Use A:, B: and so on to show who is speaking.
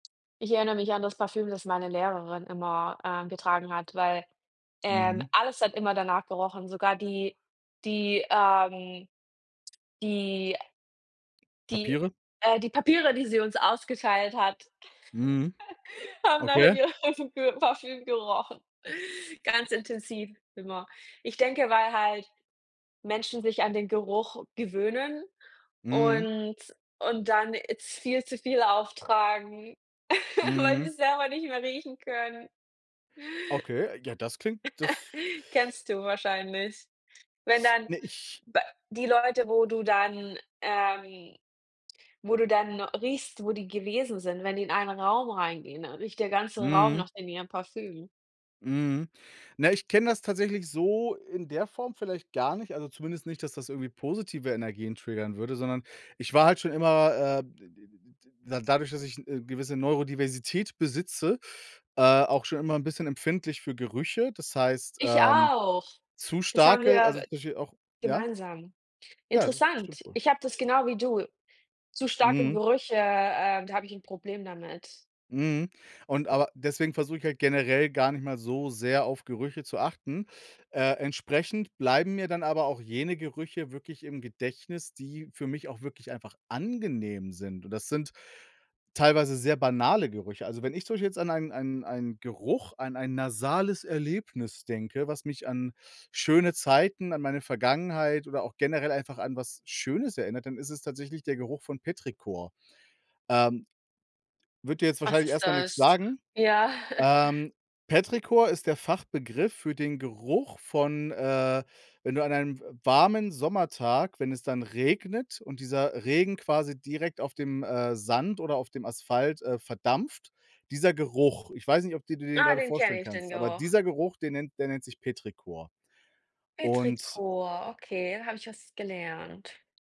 A: Ich erinnere mich an das Parfüm, das meine Lehrerin immer, äh, getragen hat, weil, ähm,
B: Mhm.
A: alles hat immer danach gerochen, sogar die die ähm, die die
B: Papiere?
A: äh, die Papiere, die sie uns ausgeteilt hat,
B: Mhm.
A: haben nach
B: Okay.
A: ihrem Pö Parfüm gerochen, ganz intensiv immer. Ich denke, weil halt Menschen sich an den Geruch gewöhnen
B: Mhm.
A: und und dann jetzt viel zu viel auftragen, weil
B: Mhm.
A: sie's selber nicht mehr riechen können.
B: Okay, ja, das klingt das
A: Kennst du wahrscheinlich. Wenn dann
B: Ne, ich
A: be die Leute, wo du dann ähm, wo du dann riechst, wo die gewesen sind, wenn die in einen Raum reingehen, dann riecht der ganze Raum
B: Mhm.
A: nach deren ihrem Parfüm.
B: Mhm, na, ich kenne das tatsächlich so in der Form vielleicht gar nicht, also zumindest nicht, dass das irgendwie positive Energien triggern würde, sondern ich war halt schon immer, äh, d d d d d dadurch, dass ich 'ne gewisse Neurodiversität besitze äh, auch schon immer 'n bisschen empfindlich für Gerüche. Das heißt,
A: Ich
B: ähm,
A: auch.
B: zu
A: Das haben
B: starke also
A: wir
B: zum Beispiel auch ja?
A: gemeinsam
B: Ja, das
A: interessant.
B: stimmt wohl.
A: Ich habe das genau wie du zu starke
B: Mhm.
A: Gerüche, äh, da hab ich 'n Problem damit.
B: Mhm, und aber deswegen versuche ich halt generell gar nicht mal so sehr auf Gerüche zu achten. Äh, entsprechend bleiben mir dann aber auch jene Gerüche wirklich im Gedächtnis, die für mich auch wirklich einfach angenehm sind, und das sind teilweise sehr banale Gerüche. Also, wenn ich zum Beispiel jetzt an einen einen einen Geruch an ein nasales Erlebnis denke, was mich an schöne Zeiten, an meine Vergangenheit oder auch generell einfach an was Schönes erinnert, dann ist es tatsächlich der Geruch von Petrichor. Ähm, wird dir jetzt
A: Was
B: wahrscheinlich
A: ist
B: erst mal nix
A: das?
B: sagen.
A: Ja.
B: Ähm, Petrichor ist der Fachbegriff für den Geruch von äh, wenn du an einem w warmen Sommertag, wenn es dann regnet, und dieser Regen quasi direkt auf dem, äh, Sand oder auf dem Asphalt, äh, verdampft, dieser Geruch ich weiß nicht, ob dir du dir den
A: Ah,
B: grade
A: den
B: vorstellen
A: kenne ich, den
B: kannst, aber
A: Geruch.
B: dieser Geruch, den nennt der nennt sich Petrichor. Und
A: Petrichor, okay, da habe ich was gelernt.